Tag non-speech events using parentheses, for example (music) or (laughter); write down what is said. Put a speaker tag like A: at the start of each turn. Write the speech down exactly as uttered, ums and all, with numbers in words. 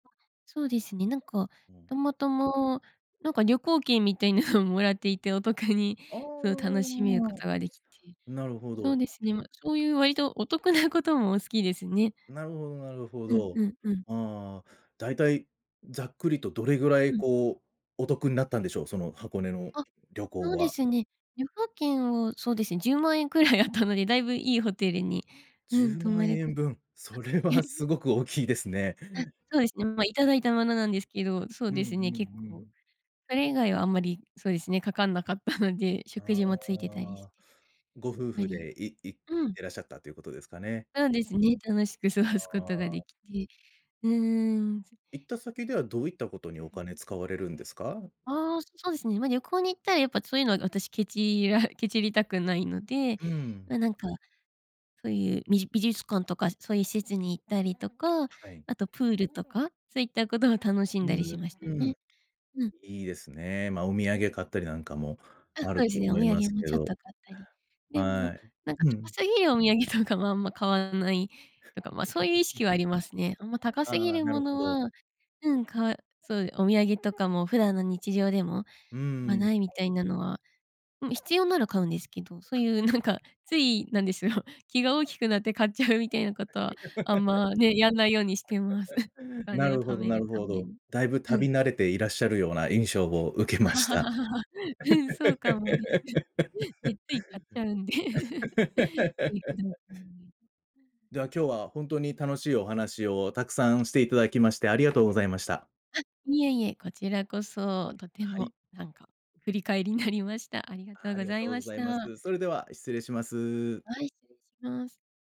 A: そうですね、なんか、
B: うん。
A: たまたま、なんか、旅行券みたいなのをもらっていて、お得に、
B: あ
A: そう、楽しめること
B: あ、
A: ができて、
B: なるほ
A: そう
B: ど。
A: ですね、ま、そういう割とお得なことも好きですね。
B: なるほどなるほ
A: うんう
B: ど。
A: んうん。
B: ああ、だいたいざっくりとどれぐら
A: う
B: い、
A: ん。
B: こう、お得んなったんでしょう？その箱根の
A: あ、
B: 旅行
A: そうで
B: は。
A: すね。旅行券を、そうですね、じゅうまんえんくらいあったので、だいぶいいホテルに、
B: じ
A: う
B: ゅ
A: ん、
B: う
A: 泊
B: ま
A: ま
B: ん
A: れ
B: え
A: かあ
B: んぶん、それはす
A: (laughs)
B: ごく大きいですね。
A: あ、そうですね。まあ、いただいたものなんですけど、そう
B: うんう
A: ですね、結
B: んう
A: 構。
B: ん。
A: それ以外はあんまりそうですね、かかんなかったので、食
B: あ
A: 事もついてたりして、
B: あ、ご
A: やっ
B: 夫
A: ぱ
B: 婦
A: り
B: でいい行
A: う
B: っ
A: ん。
B: てらっしゃったということですかね。
A: うん、ですね、楽しく過ごす
B: あ
A: ことがで
B: あ。
A: きて。うん。
B: 行った先では、どういったことにお
A: うん。
B: 金使われるんですか？
A: ああ、そうですね、まあ、旅行に行ったらやっぱそういうのは私けちらけちりたくないので、
B: うん。
A: まあ、なんか、そういうび美術館とかそういう施設に行ったりとか、
B: はい。
A: あとプールとか、そういったことを楽し
B: う
A: んだりしました
B: ーん、うん。
A: ね。うん。
B: いいですね。まあ、お土産買ったりなんかも
A: あ、そ
B: あ
A: う
B: る
A: で
B: と
A: すね、お
B: 思い
A: 土
B: ま
A: 産
B: す
A: も
B: け
A: ちょっ
B: ど
A: と買ったり。でも
B: はい。
A: なんか、
B: う
A: ちょこ
B: ん。
A: すぎるお土産とかもあんま買わないとか、まあ、そういう意識
B: (laughs)
A: はありますね。あんま高
B: あ
A: すぎ
B: あ、
A: る
B: な
A: も
B: るほ
A: の
B: ど。
A: は、うん、かわそうでお土産とかも普段の日常でも、
B: うん
A: 買
B: う
A: わ
B: ん。
A: ないみたいなのはうん、必要なら買うんですけど、そういうなんか、つい、なんですよ、気が大きくなって買っちゃうみたいなことはあんまね、やんないようにしてます。(chuckles) お
B: (laughs) な
A: 金を
B: る
A: 貯
B: ほど
A: め
B: な
A: る
B: る
A: た
B: ほ
A: め
B: ど。
A: に。
B: だいぶ
A: う
B: 旅
A: ん。
B: 慣れていらっしゃるような印象を受けました。
A: (laughs) うん、そうかもです。え、つい買っちゃうんで。(laughs) いふどう
B: (laughs)
A: もんぎ。
B: では、今日は本当に楽しいお話をたくさんしていただきまして、「打-明」ありがとうございました。
A: あ、いえいえ、こちらこそ、とて
B: は
A: も
B: い。
A: なんか、振り返りなりました。ありがと
B: あ、
A: う
B: あ
A: ご
B: りが
A: ざ
B: と
A: い
B: う
A: ま
B: ご
A: し
B: ざいま
A: た。
B: す。それでは、失礼します。
A: はい、失礼します。